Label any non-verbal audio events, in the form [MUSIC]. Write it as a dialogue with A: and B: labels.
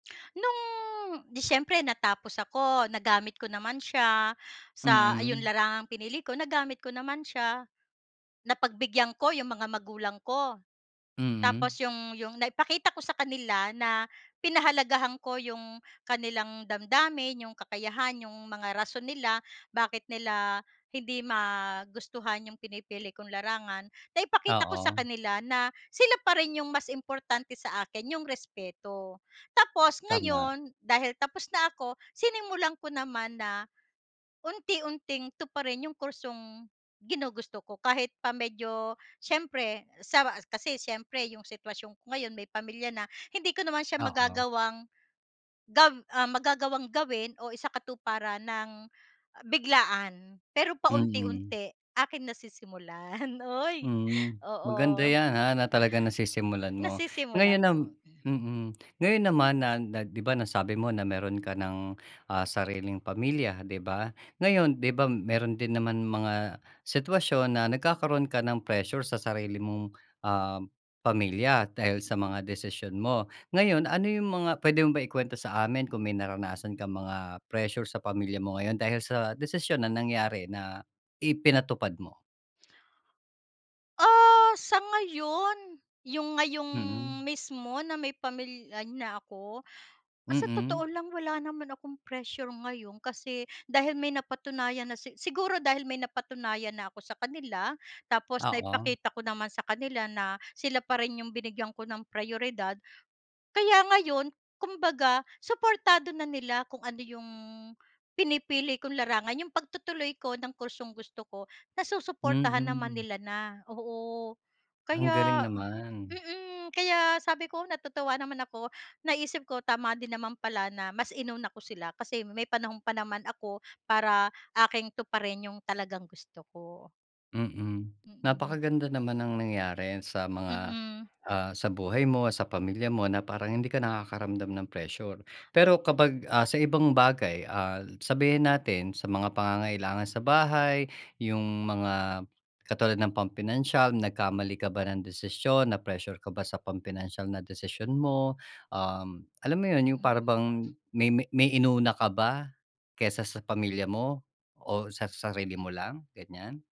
A: [SMACKS LIPS] No'ng 'di siyempre natapos ako. Nagamit ko naman siya sa ayun,
B: Mm.
A: larangang pinili ko. Nagamit ko naman siya. Napagbigyan ko 'yong mga magulang ko.
B: Mm.
A: Tapos 'yong 'yong naipakita ko sa kanila na pinahalagahan ko 'yong kanilang damdamin, 'yong kakayahan, 'yong mga rason nila, bakit nila hindi magustuhan 'yong pinipili kong larangan. Naipakita ko sa
B: Oo.
A: kanila na sila pa rin 'yong mas importante sa akin, 'yong respeto. Tapos
B: Tama.
A: ngayon, dahil tapos na ako, sinimulan ko naman na unti-unting tuparin 'yong kursong ginugusto ko. Kahit pa medyo siyempre sa kasi siyempre, 'yong sitwasyon ko ngayon, may pamilya na, hindi ko naman siya
B: Oo.
A: magagawang gab ah, magagawang gawin o isakatuparan nang, ah, biglaan. Pero
B: Mm.
A: paunti-unti, aking nasisimulan. [CHUCKLES] Uy,
B: Hmm. Maganda
A: oo.
B: 'yan, ah, na talagang nasisimulan mo.
A: Nasisimulan
B: Ngayon nam
A: kong hmm.
B: mm. Ngayon naman na na 'di ba, nasabi mo na mayroon ka nang, ah, sariling pamilya, 'di ba? Ngayon, 'di ba mayroon din naman mga sitwasyon na nagkakaroon ka ng pressure sa sarili mong, um, pamilya, dahil sa mga desisyon mo. Ngayon, ano 'yong mga puwede mo ba ikwento sa amin kung may naranasan kang mga pressure sa pamilya mo ngayon, dahil sa desisyon na nangyari na ipinatupad mo?
A: Ah, sa ngayon, 'yong ngayong
B: Mhm.
A: mismo na may pamilya na ako. Sa
B: Mm.
A: totoo lang wala naman akong pressure ngayon, kasi dahil may napatunayan na si siguro dahil may napatunayan na ako sa kanila. Tapos
B: Oo.
A: naipakita ko naman sa kanila na sila pa rin 'yong binigyan ko ng prayoridad. Kaya ngayon, kumbaga, suportado na nila kung ano 'yong pinipili kong larangan. 'Yong pagtutuloy ko ng kursong gusto ko, nasusuportahan naman
B: Mm.
A: nila na. Oo.
B: Ang galing
A: Kaya
B: naman.
A: mm. Kaya sabi ko, natutuwa naman ako. Naisip ko, tama din naman pala na mas inuna ko sila, kasi may panahon pa naman ako para aking tuparin 'yong talagang gusto ko.
B: Mm.
A: Mm.
B: Napakaganda naman ng nangyari sa mga,
A: Mm.
B: ah sa buhay mo, sa pamilya mo na parang hindi ka nakakaramdam ng pressure. Pero kapag, ah, sa ibang bagay, ah, sabihin natin sa mga pangangailangan sa bahay. 'Yong mga katulad ng pampinansiyal, nagkamali ka ba ng desisyon? Na-pressure ka ba sa pampinansiyal na desisyon mo? Um, alam mo 'yon, 'yong
A: Mhm.
B: para bang may may may inuna ka ba, kaysa sa pamilya mo, o sa sa sarili mo lang? Ganyan.